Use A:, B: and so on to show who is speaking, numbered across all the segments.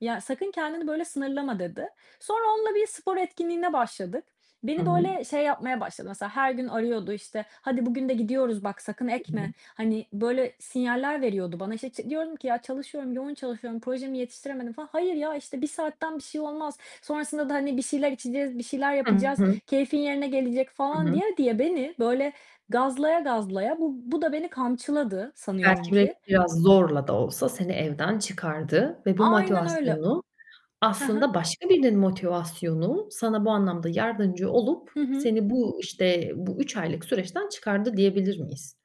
A: "Ya, sakın kendini böyle sınırlama." dedi. Sonra onunla bir spor etkinliğine başladık.
B: Hı
A: Beni
B: hı.
A: böyle, şey yapmaya başladı, mesela her gün arıyordu işte; "Hadi bugün de gidiyoruz, bak sakın
B: Hı
A: ekme."
B: hı.
A: hani, böyle sinyaller veriyordu bana. İşte, ç diyordum ki, "ya çalışıyorum yoğun çalışıyorum, projemi yetiştiremedim." falan. "Hayır ya, işte, 1 saatten bir şey olmaz, sonrasında da, hani, bir şeyler içeceğiz, bir şeyler
B: Hı
A: yapacağız,
B: hı.
A: keyfin yerine gelecek."
B: Hı
A: falan
B: hı.
A: diye diye beni böyle, gazlaya gazlaya, bu bu da beni kamçıladı sanıyorum
B: Belki bir
A: ki.
B: biraz zorla da olsa seni evden çıkardı ve bu
A: Aynen öyle.
B: motivasyonu,
A: Hı hı.
B: aslında başka birinin motivasyonu, sana bu anlamda yardımcı olup
A: Hı hı.
B: seni bu, işte, bu 3 aylık süreçten çıkardı diyebilir miyiz?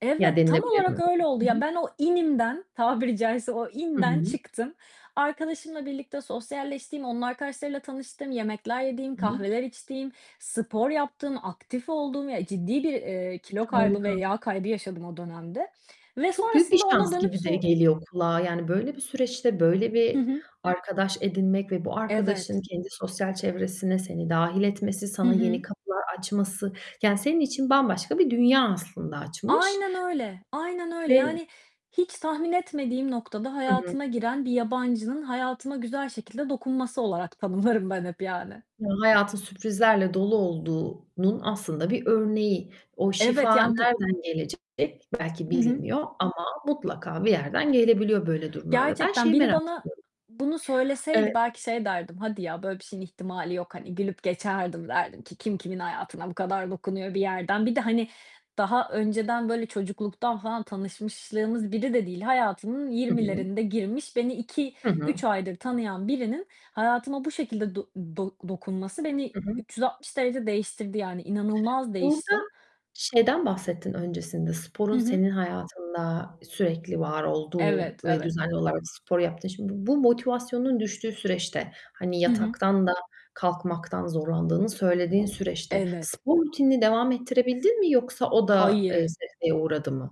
A: Evet,
B: Ya
A: tam
B: denilebilir mi
A: olarak öyle oldu.
B: böyle? Hı
A: Ya,
B: hı.
A: ben o inimden, tabiri caizse, o
B: Hı
A: inden
B: hı.
A: çıktım. Arkadaşımla birlikte sosyalleştim, onun arkadaşlarıyla tanıştım, yemekler yedim,
B: Hı hı.
A: kahveler içtim, spor yaptım, aktif oldum. Ya, ciddi bir, eee, kilo kaybı ve
B: Harika.
A: yağ kaybı yaşadım o dönemde ve
B: Çok büyük bir
A: sonrasında ona
B: şans
A: dönüp
B: gibi de
A: so
B: geliyor kulağa, yani, böyle bir süreçte böyle
A: Hı
B: bir
A: hı.
B: arkadaş edinmek ve bu arkadaşın
A: Evet.
B: kendi sosyal çevresine seni dâhil etmesi,
A: Hı
B: sana yeni
A: hı.
B: kapılar açması, yani, senin için bambaşka bir dünya, aslında açmış.
A: Aynen öyle, aynen öyle.
B: Ve
A: Yani, hiç tahmin etmediğim noktada,
B: Hı hı.
A: hayatıma giren bir yabancının hayatıma güzel şekilde dokunması olarak tanımlarım ben hep yani.
B: Ya, hayatın sürprizlerle dolu olduğunun aslında bir örneği. O
A: Evet,
B: şifa,
A: yani, bu
B: nereden gelecek, belki
A: Hı hı.
B: bilinmiyor, ama mutlaka bir yerden gelebiliyor böyle durumlarda. Ben
A: Gerçekten,
B: şeyi
A: biri
B: merak
A: bana
B: ediyorum.
A: bunu söyleseydi
B: Eee
A: belki şey derdim, "Hadi ya böyle bir şeyin ihtimali yok," hani, gülüp geçerdim, derdim ki, "Kim kimin hayatına bu kadar dokunuyor bir yerden?" Bir de, hani, daha önceden, böyle çocukluktan falan tanışmışlığımız biri de değil, hayatımın
B: Hı hı.
A: 20'lerinde girmiş, beni iki
B: Hı hı.
A: üç aydır tanıyan birinin, hayatıma bu şekilde do do dokunması beni
B: Hı hı.
A: 360 derece değiştirdi yani, inanılmaz
B: Burada
A: değiştim.
B: şeyden bahsettin öncesinde,
A: Hı
B: sporun
A: hı.
B: senin hayatında sürekli var olduğu
A: Evet,
B: ve
A: evet.
B: düzenli olarak spor yaptın Şimdi bu bu motivasyonun düştüğü süreçte, hani,
A: Hı hı.
B: yataktan da kalkmaktan zorlandığını söylediğin süreçte,
A: Evet.
B: spor rutinini devam ettirebildin mi yoksa o da, eee,
A: Hayır.
B: sekteye uğradı mı?